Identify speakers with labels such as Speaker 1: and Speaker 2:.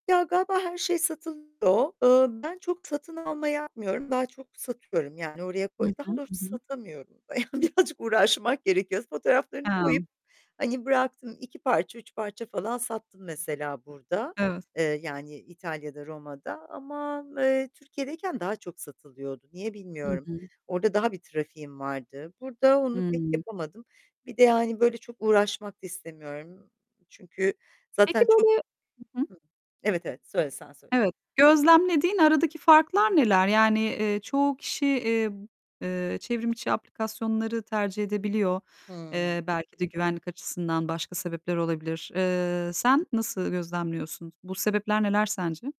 Speaker 1: Ya, galiba her şey satılmıyor. Eee, ben çok satın alma yapmıyorum. Daha çok satıyorum; yani, oraya
Speaker 2: Hı
Speaker 1: koy
Speaker 2: hı,
Speaker 1: daha doğrusu
Speaker 2: hı hı.
Speaker 1: satamıyorum. Yani, birazcık uğraşmak gerekiyor. Fotoğraflarını koyup
Speaker 2: He.
Speaker 1: hani bıraktım. 2 parça, 3 parça falan sattım mesela burada,
Speaker 2: Evet.
Speaker 1: eee, yani, İtalya'da, Roma'da ama, eee, Türkiye'deyken daha çok satılıyordu. Niye
Speaker 2: Hı
Speaker 1: bilmiyorum.
Speaker 2: hı.
Speaker 1: Orada daha bir trafiğim vardı. Burada onu pek
Speaker 2: Hıı.
Speaker 1: yapamadım. Bir de, yani, böyle çok uğraşmak da istemiyorum. Çünkü
Speaker 2: Peki,
Speaker 1: zaten çok
Speaker 2: böyle, ı hı
Speaker 1: hıı, evet, evet. Söyle, sen söyle.
Speaker 2: Evet, gözlemlediğin aradaki farklar neler? Yani, eee, çoğu kişi, eee, b eee, çevrimiçi aplikasyonları tercih edebiliyor.
Speaker 1: Hıı.
Speaker 2: Eee, belki de, güvenlik açısından başka sebepler olabilir. Eee, sen nasıl gözlemliyorsun? Bu sebepler neler sence?